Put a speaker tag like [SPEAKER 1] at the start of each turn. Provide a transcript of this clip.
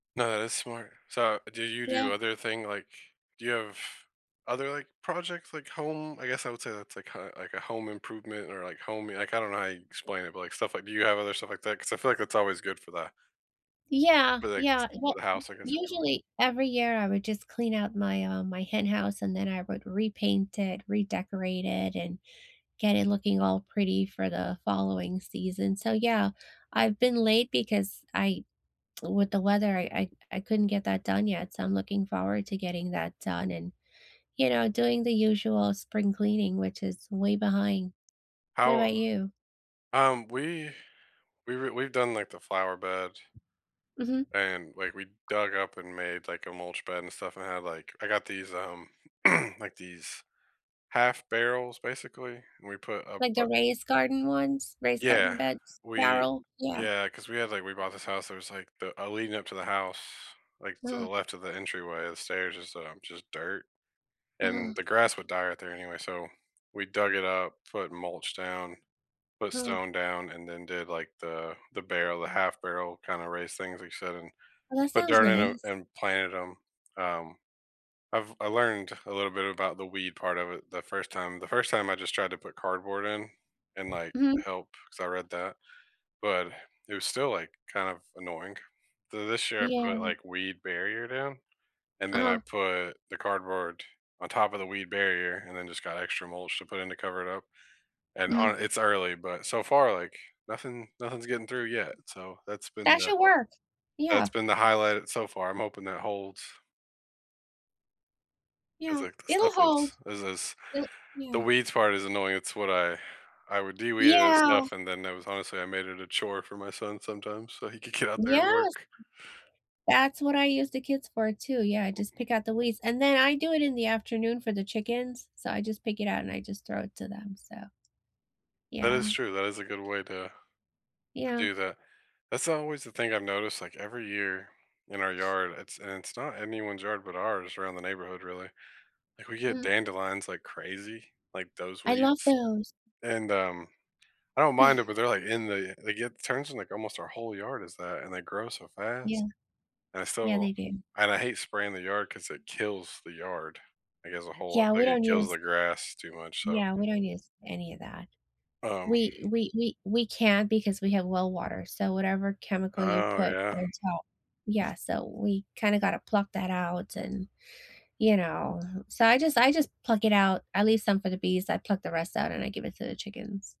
[SPEAKER 1] No, that's smart. So do you
[SPEAKER 2] Yeah.
[SPEAKER 1] do other thing, like, do you have other, like, projects, like, home I guess I would say that's, like, kinda like a home improvement or, like, home, like, I don't know how you explain it, but, like, stuff, like do you have other stuff like that? 'Cause I feel like it's always good for that.
[SPEAKER 2] Yeah,
[SPEAKER 1] But like
[SPEAKER 2] yeah.
[SPEAKER 1] s
[SPEAKER 2] Well,
[SPEAKER 1] for the house, I guess if you will.
[SPEAKER 2] usually, every year, I would just clean out my, um, my hen house, and then I would repaint it, redecorate it, and get it looking all pretty for the following season. So, yeah, I've been late because I with the weather, I I I couldn't get that done yet. So I'm looking forward to getting that done and, you know, doing the usual spring cleaning, which is way behind. What
[SPEAKER 1] How
[SPEAKER 2] about you?
[SPEAKER 1] um, we we were we've done, like, the flower bed
[SPEAKER 2] Mhm.
[SPEAKER 1] and, like, we dug up and made, like, a mulch bed and stuff and I had, like, I got these, um, like, these half barrels basically and we put a
[SPEAKER 2] Like the
[SPEAKER 1] bu
[SPEAKER 2] raised garden ones, raised garden
[SPEAKER 1] Yeah.
[SPEAKER 2] beds,
[SPEAKER 1] We
[SPEAKER 2] barrel? Yeah.
[SPEAKER 1] yeah, 'cause we had, like, we bought this house. It was, like, the, uh, leading up to the house, like, to the
[SPEAKER 2] Uh-huh.
[SPEAKER 1] left of the entryway, the stairs is, um, just dirt
[SPEAKER 2] Uh-huh.
[SPEAKER 1] and the grass would die out there anyway so we dug it up, put mulch down, put
[SPEAKER 2] Huh.
[SPEAKER 1] stone down, and then did, like, the the barrel the half barrel kinda raised things like you said, and
[SPEAKER 2] Well, that
[SPEAKER 1] put
[SPEAKER 2] sounds
[SPEAKER 1] dirt in 'em
[SPEAKER 2] nice.
[SPEAKER 1] and planted 'em. Um, I've I learned a little bit about the weed part of it the first time. The first time I just tried to put cardboard in and, like,
[SPEAKER 2] Mhm.
[SPEAKER 1] help 'cause I read that, but it was still, like, kind of annoying. So this year I put,
[SPEAKER 2] Yeah.
[SPEAKER 1] like, weed barrier down and then I
[SPEAKER 2] Uh-huh.
[SPEAKER 1] put the cardboard on top of the weed barrier and then just got extra mulch to put in to cover it up and,
[SPEAKER 2] Mhm.
[SPEAKER 1] uh, it's early, but so far, like, nothing nothing's getting through yet. So that's been
[SPEAKER 2] That
[SPEAKER 1] the
[SPEAKER 2] should work. Yeah.
[SPEAKER 1] that's been the highlight so far. I'm hoping that holds. It's,
[SPEAKER 2] Yeah,
[SPEAKER 1] like, the
[SPEAKER 2] it'll
[SPEAKER 1] stuff is
[SPEAKER 2] hold.
[SPEAKER 1] is is
[SPEAKER 2] It'll
[SPEAKER 1] the
[SPEAKER 2] yeah.
[SPEAKER 1] weeds part is annoying. It's what I I would de-weed and
[SPEAKER 2] Yeah.
[SPEAKER 1] stuff, and then that was honestly, I made it a chore for my son sometimes so he could get out there and
[SPEAKER 2] Yes.
[SPEAKER 1] work.
[SPEAKER 2] That's what I use the kids for too. Yeah, I
[SPEAKER 1] [unintelligible]
[SPEAKER 2] just pick out the weeds and then I do it in the afternoon for the chickens, so I just pick it out and I just throw it to them, so
[SPEAKER 1] That
[SPEAKER 2] Yeah.
[SPEAKER 1] is true. That is a good way to to
[SPEAKER 2] Yeah.
[SPEAKER 1] do that. That's always the thing I've noticed, like, every year in our yard, it's and it's not anyone's yard, but ours around the neighborhood, really, like, we get
[SPEAKER 2] Mhm.
[SPEAKER 1] dandelions, like, crazy, like, those
[SPEAKER 2] I love
[SPEAKER 1] weeds,
[SPEAKER 2] those.
[SPEAKER 1] and, um, I don't mind it, but they're, like, in the they get turns in, like, almost our whole yard is that, and they grow so
[SPEAKER 2] Yeah.
[SPEAKER 1] fast and
[SPEAKER 2] Yeah,
[SPEAKER 1] so
[SPEAKER 2] they do.
[SPEAKER 1] and I hate spraying the yard 'cause it kills the yard. I guess a whole
[SPEAKER 2] Yeah, we
[SPEAKER 1] like, it
[SPEAKER 2] don't
[SPEAKER 1] kills
[SPEAKER 2] use
[SPEAKER 1] the grass too much, so.
[SPEAKER 2] Yeah, we don't use any of that.
[SPEAKER 1] Um
[SPEAKER 2] We we we we can't because we have well water, so whatever chemical you
[SPEAKER 1] Oh,
[SPEAKER 2] put
[SPEAKER 1] yeah.
[SPEAKER 2] on top yeah, so we kinda gotta pluck that out and you know? So, I just I just pluck it out, I leave some for the bees. I pluck the rest out and I give it to the chickens.